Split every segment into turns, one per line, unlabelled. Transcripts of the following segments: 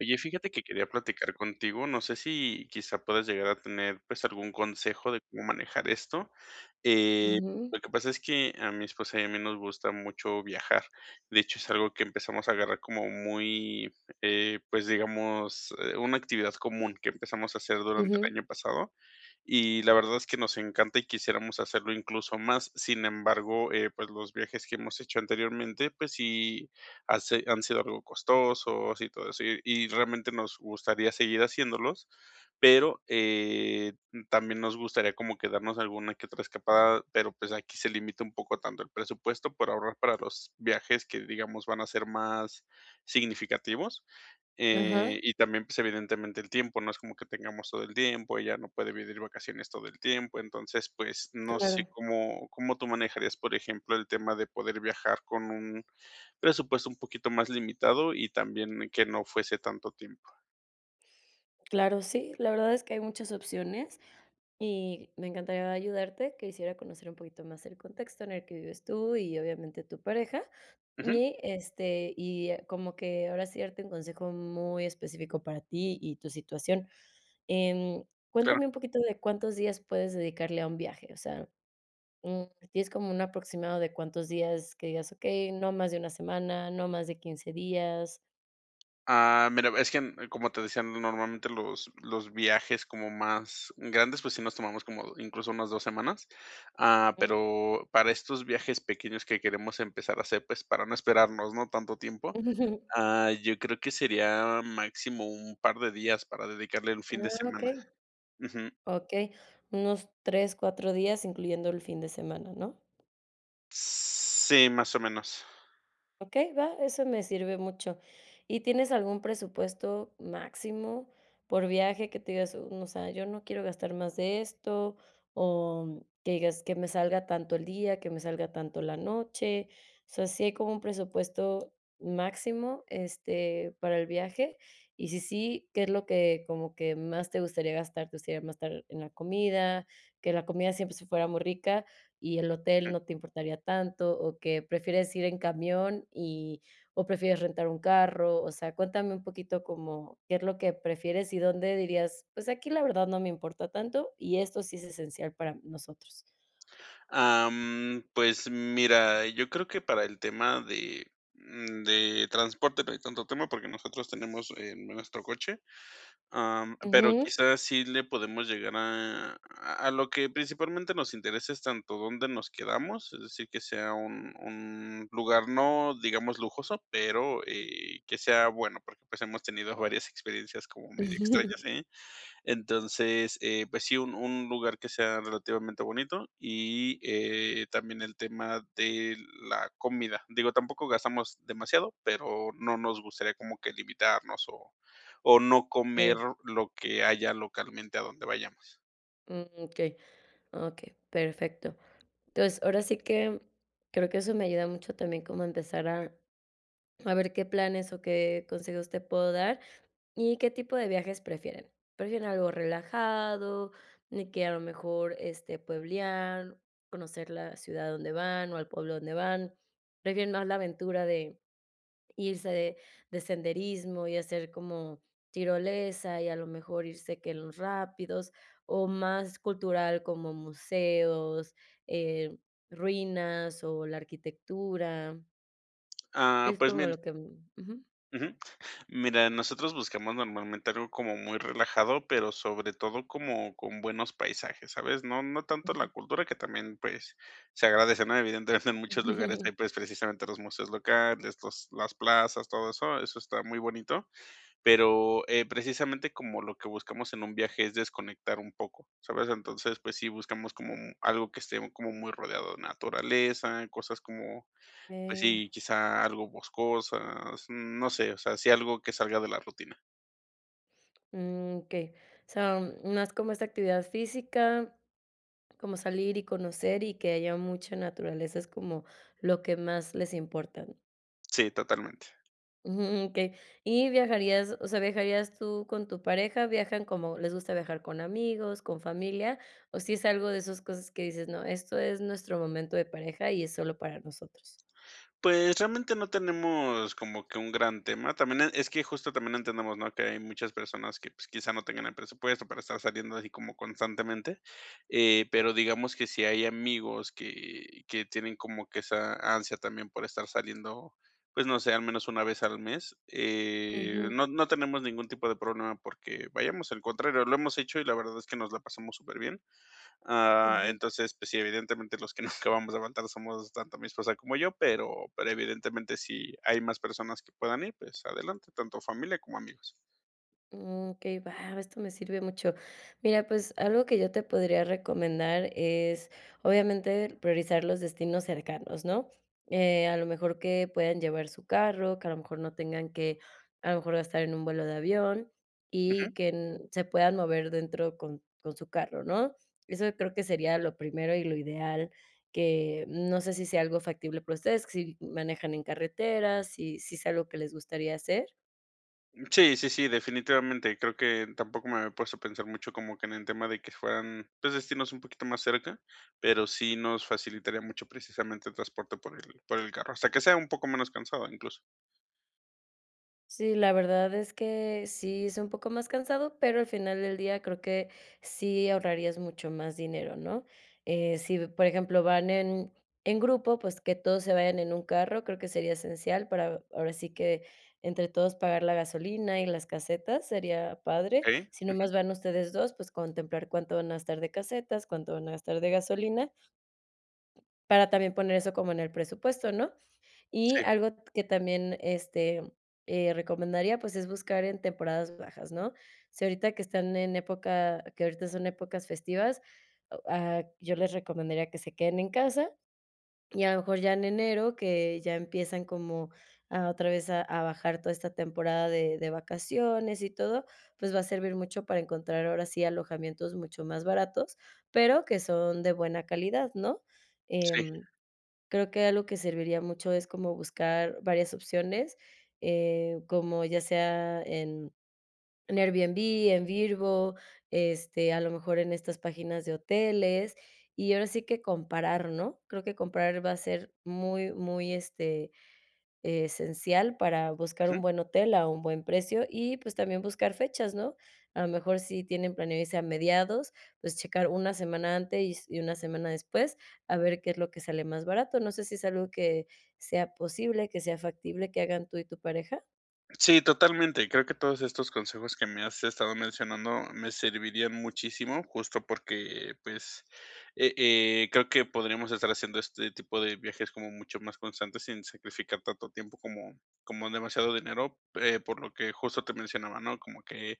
Oye, fíjate que quería platicar contigo, no sé si quizá puedas llegar a tener, pues algún consejo de como manejar esto. Eh,
Ujú.
lo que pasa es que a mi esposa y a mí nos gusta mucho viajar. De hecho, es algo que empezamos a agarrar como muy eh pues, digamos, eh, una actividad común que empezamos a hacer durante
Ujú.
el año pasado, y la verdad es que nos encanta y quisiéramos hacerlo incluso más. Sin embargo, eh, pues los viajes que hemos hecho anteriormente, pues sí hace han sido algo costosos y todo eso, y y realmente nos gustaría seguir haciéndolos, pero, eh, también nos gustaría como que darnos alguna que otra escapada, pero pues aquí se limita un poco tanto el presupuesto para ahorrar para los viajes que, digamos, van a ser más significativos. Eh,
Ajá.
y también, pues evidentemente el tiempo, no es como que tengamos todo el tiempo, ella no puede pedir vacaciones todo el tiempo. Entonces, pues no sé,
Claro.
¿cómo cómo tú manejarías, por ejemplo, el tema de poder viajar con un presupuesto un poquito más limitado y también que no fuese tanto tiempo?
Claro, sí, la verdad es que hay muchas opciones. Y me encantaría ayudarte. Quisiera conocer un poquito más el contexto en el que vives tú y obviamente tu pareja,
Ujú.
y, este, y como que, ahora sí, darte un consejo muy específico para ti y tu situación. Em,
Claro.
cuéntame un poquito de, ¿cuántos días puedes dedicarle a un viaje? O sea, mm, ¿tienes como un aproximado de cuántos días? Que digas: "Okey, no más de 1 semana, no más de 15 días".
Ah, mira, es que, como te decía, normalmente los los viajes como más grandes, pues sí, nos tomamos como incluso unas 2 semanas. Ah,
Mm.
pero para estos viajes pequeños que queremos empezar a hacer, pues, para no esperarnos, ¿no?, tanto tiempo. Ah, yo creo que sería máximo un par de días para dedicarle el fin de
Ah,
semana.
okey.
Ujú.
Okey, unos 3, 4 días, incluyendo el fin de semana, ¿no?
Sí, más o menos.
Okey, va, eso me sirve mucho. ¿Y tienes algún presupuesto máximo, por viaje? Que tu digas: "Mm, o sea, yo no quiero gastar más de esto". O que digas: "Que me salga a tanto el día, que me salga a tanto la noche". O sea, ¿sí hay como un presupuesto máximo, este, para el viaje? Y, si sí, ¿qué es lo que como que más te gustaría gastar? ¿Te gustaría mastar en la comida, que la comida siempre sí fuera muy rica y el hotel
Ujú.
no te importaría tanto, o que prefieres ir en camión y o prefieres rentar un carro? O sea, cuéntame un poquito como, ¿qué es lo que prefieres, y dónde dirías: "Pues, aquí la verdad no me importa tanto, y esto sí es esencial para nosotros"?
Am, pues, mira, yo creo que para el tema de, mm, de transporte no hay tanto tema, porque nosotros tenemos, eh, nuestro coche. Am, pero,
Ujú.
quizás, sí le podemos llegar a a lo que principalmente nos interesa es tanto dónde nos quedamos, es decir, que sea un un lugar no digamos, lujoso, pero, eh, que sea bueno, porque, pues, hemos tenido varias experiencias como medio extrañas, ahí. Entonces, eh, pues sí, un un lugar que sea relativamente bonito, y, eh, también el tema de la comida. Digo, tampoco gastamos demasiado, pero no nos gustaría como que limitarnos, o o no comer
[unintelligible]
lo que haya localmente a donde vayamos.
Mm, okey, okey, perfecto. Entonces, ahora sí que creo que eso me ayuda mucho también como a empezar a a ver qué planes o qué consejos te puedo dar y, ¿qué tipo de viajes prefieren? ¿Prefieren algo relajado? Y que a lo mejor, este, ¿pueblear, conocer la ciudad a donde van o el pueblo a donde van? ¿Prefieren más la aventura de irse de de senderismo y hacer como tirolesa, y a lo mejor irse que en los rápidos, o más cultural, como museos, em, ruinas o la arquitectura?
Ah,
Es
pues,
como
mien
lo que mm Ujú.
Ujú, mira, nosotros buscamos normalmente algo como muy relajado, pero sobre todo como con buenos paisajes, ¿sabes?, no no tanto la cultura que también, pues, se agradece, ¿no?, evidentemente en muchos lugares hay, pues, precisamente los museos locales, estos, los las plazas, todo eso eso está muy bonito. Pero, eh, precisamente como lo que buscamos en un viaje es desconectar un poco, ¿sabes?, entonces, pues sí buscamos como algo que esté como muy rodeado de naturaleza, cosas como, pues
Ey.
sí, quizá algo boscosas, no sé, o sea, sí algo que salga de la rutina.
Mm, okey, o sea, no es como esa actividad física, como salir y conocer y que haya mucha naturaleza, es como lo que más les importa.
Sí, totalmente.
Ujú, okey, y ¿viajarías o sea, viajarías tú con tu pareja? ¿Viajan como? ¿Les gusta viajar con amigos, con familia? O si es algo de esas cosas que dices: "No, esto es nuestro momento de pareja y es solo para nosotros".
Pues, realmente no tenemos como que un gran tema, también es que justo también entendemos, ¿no?, que hay muchas personas que, pues, quizá, no tengan el presupuesto para estar saliendo así como constantemente. Eh, pero digamos que si hay amigos que, que tienen como que esa ansia también por estar saliendo, pues, no sé, al menos 1 vez al mes. Eh,
Ujú.
no no tenemos ningún tipo de problema, porque, vayamos, al contrario, lo hemos hecho, y la verdad es que nos la pasamos súper bien. Ah,
Ujú.
entonces, pues sí, evidentemente los que nos acabamos de levantar somos tanto mi esposa como yo, pero pero evidentemente si hay más personas que puedan ir, pues, adelante, tanto familia como amigos.
Mm, okey, va, esto me sirve mucho. Mira, pues, algo que yo te podría recomendar, es obviamente priorizar los destinos cercanos, ¿no?, eh, a lo mejor que puedan llevar su carro, que a lo mejor no tengan que, a lo mejor gastar en un vuelo de avión
Ujú.
y que se puedan mover dentro con con su carro, ¿no?, eso creo que sería lo primero y lo ideal, que, no sé si sea algo factible para ustedes, que si manejan en carretera, si si ¿es algo que les gustaría hacer?
Sí, sí, sí, definitivamente, creo que tampoco me había puesto a pensar mucho como que en el tema de que fueran, pues, destinos un poquito más cerca, pero sí nos facilitaría mucho precisamente el transporte por el por el carro, hasta que sea un poco menos cansado incluso.
Sí, la verdad es que sí es un poco más cansado, pero al final del día creo que sí ahorrarías mucho más dinero, ¿no? Eh, sí, por ejemplo, van en en grupo, pues que todos se vayan en un carro, creo que sería esencial para, ahora sí que entre todos, pagar la gasolina y las casetas, sería padre.
Okey,
Si
ujú.
nomás van ustedes dos, pues contemplar cuánto van a gastar de casetas, cuánto van a gastar de gasolina, para también poner eso como en el presupuesto, ¿no? Y
Sí.
algo que también, este, eh, recomendaría, pues es buscar en temporadas bajas, ¿no? Sí, ahorita que están en época, que ahorita son épocas festivas, o, ah, yo les recomendaría que se queden en casa y a lo mejor ya en enero, que ya empiezan como a otra vez a a bajar toda esta temporada de de vacaciones y todo, pues va a servir mucho para encontrar ahora sí alojamientos mucho más baratos, pero que son de buena calidad, ¿no?
Sí.
Em, creo que algo que serviría mucho es como buscar varias opciones, eh, como ya sea en Airbnb, en Vrbo, este, a lo mejor en estas páginas de hoteles, y ahora sí que comparar, ¿no? Creo que comparar va a ser muy, muy, este, esencial para buscar un
Ujú.
buen hotel a un buen precio, y pues también buscar fechas, ¿no? A lo mejor sí tienen planeado irse a mediados, pues checar una semana antes y s y una semana después, a ver qué es lo que sale más barato, no sé si es algo que sea posible, que sea factible que hagan tú y tu pareja.
Sí, totalmente. Creo que todos estos consejos que me has estado mencionando me servirían muchísimo, justo porque, pues, eh eh, creo que podríamos estar haciendo este tipo de viajes como mucho más constantes, sin sacrificar tanto tiempo como como demasiado dinero, eh, por lo que justo te mencionaba, ¿no? Como que,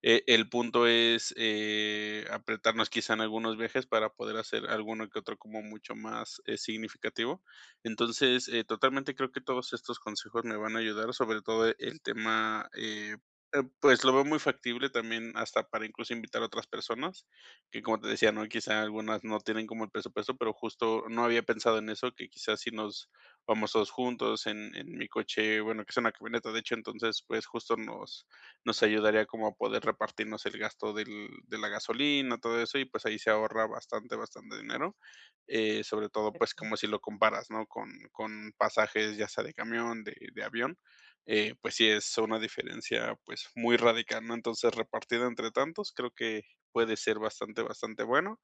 eh, el punto es, eh, apretarnos quizá en algunos viajes para poder hacer alguno que otro como mucho más, eh, significativo. Entonces, eh, totalmente creo que todos estos consejos me van a ayudar, sobre todo el tema, eh, eh, pues lo veo muy factible también hasta para incluso invitar a otras personas, que como te decía, ¿no? Quizá algunas no tienen como el presupuesto, pero justo no había pensado en eso, que quizás si nos vamos todos juntos en en mi coche, bueno, que sea una camioneta, de hecho, entonces, pues, justo nos nos ayudaría como a poder repartirnos el gasto del de la gasolina, todo eso, y pues ahí se ahorra bastante, bastante dinero. Eh, sobre todo, pues,
[unintelligible]
como si lo comparas, ¿no?, con con pasajes, ya sea de camión, de de avión, eh, pues sí es una diferencia, pues, muy radical, ¿no? Entonces, repartido entre tantos, creo que puede ser bastante, bastante bueno.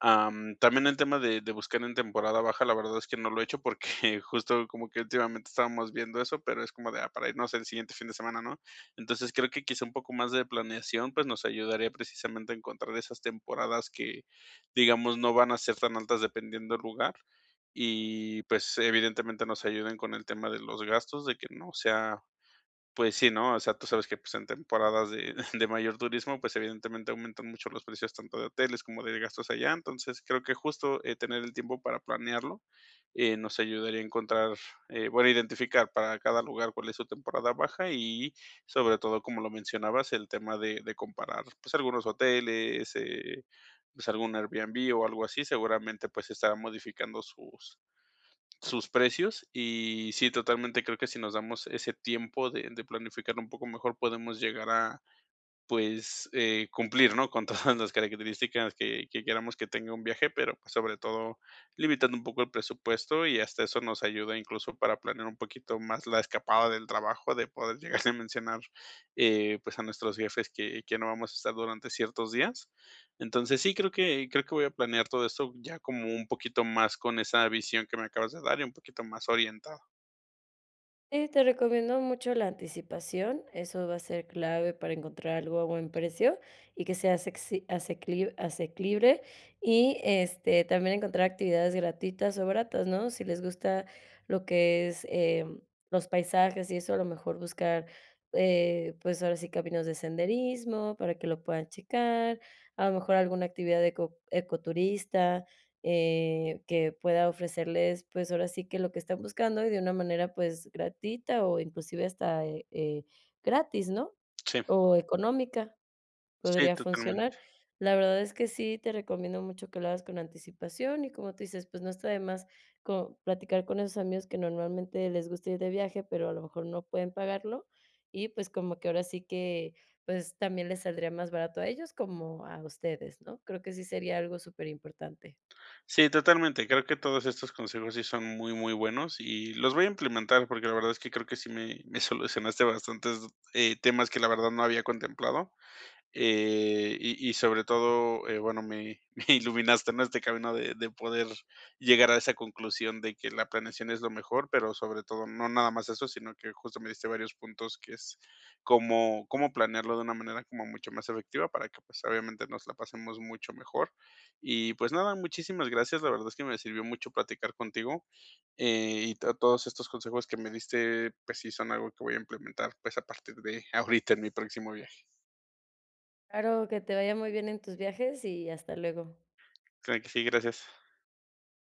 Am, también el tema de de buscar en temporada baja, la verdad es que no lo he hecho porque justo como que últimamente estábamos viendo eso, pero es como de, ah, para irnos el siguiente fin de semana, ¿no? Entonces creo que quizá un poco más de planeación, pues, nos ayudaría precisamente a encontrar esas temporadas que, digamos, no van a ser tan altas dependiendo el lugar y, pues, evidentemente nos ayuden con el tema de los gastos, de que no sea pues sí, ¿no? O sea, tú sabes que, pues, en temporadas de de mayor turismo, pues, evidentemente aumentan mucho los precios, tanto de hoteles como de gastos allá. Entonces, creo que justo, eh, tener el tiempo para planearlo, eh, nos ayudaría a encontrar, eh bueno, identificar para cada lugar cuál es su temporada baja y, sobre todo, como lo mencionabas, el tema de de comparar, pues, algunos hoteles, eh, pues, algún Airbnb o algo así, seguramente, pues, se estarán modificando sus sus precios. Y sí, totalmente creo que si nos damos ese tiempo de de planificar un poco mejor, podemos llegar a, pues, eh, cumplir, ¿no?, con todas las características que que queramos que tenga un viaje, pero, pues, sobre todo, limitando un poco el presupuesto, y hasta eso nos ayuda incluso para planear un poquito más la escapada del trabajo, de poder llegarle a mencionar, eh, pues a nuestros jefes que que no vamos a estar durante ciertos días. Entonces, sí creo que creo que voy a planear todo esto ya como un poquito más, con esa visión que me acabas de dar, y un poquito más orientada.
Y te recomiendo mucho la anticipación, eso va a ser clave para encontrar algo a buen precio y que sea asecci asecli asequible, y este, también encontrar actividades gratuitas o baratas, ¿no? Si les gusta lo que es, em, los paisajes y eso, a lo mejor buscar, eh pues ahora sí caminos de senderismo para que lo puedan checar, a lo mejor alguna actividad eco ecoturista eh que pueda ofrecerles, pues ahora sí que lo que están buscando y de una manera, pues gratuita o inclusive hasta eh eh gratis, ¿no?
Sí.
O económica,
Sí,
podría funcionar.
totalmente.
La verdad es que sí te recomiendo mucho que lo hagas con anticipación y, como tú dices, pues no está de más como platicar con esos amigos que normalmente les gusta ir de viaje, pero a lo mejor no pueden pagarlo. Y, pues, como que ahora sí que, pues también les saldría más barato a ellos como a ustedes, ¿no? Creo que sí sería algo superimportante.
Sí, totalmente. Creo que todos estos consejos sí son muy, muy buenos, y los voy a implementar porque la verdad es que creo que sí, me me solucionaste bastantes eh, temas que la verdad no había contemplado. Eh, y y sobre todo, eh, bueno, me me iluminaste en este camino de de poder llegar a esa conclusión de que la planeación es lo mejor, pero sobre todo no nada más eso, sino que justo me diste varios puntos, que es cómo cómo planearlo de una manera como mucho más efectiva, para que, pues, obviamente nos la pasemos mucho mejor y pues nada, muchísimas gracias la verdad es que me sirvió mucho platicar contigo, eh, y a todos estos consejos que me diste, pues sí son algo que voy a implementar, pues a partir de ahorita en mi próximo viaje.
Claro, que te vaya muy bien en tus viajes y hasta luego.
Claro que sí, gracias.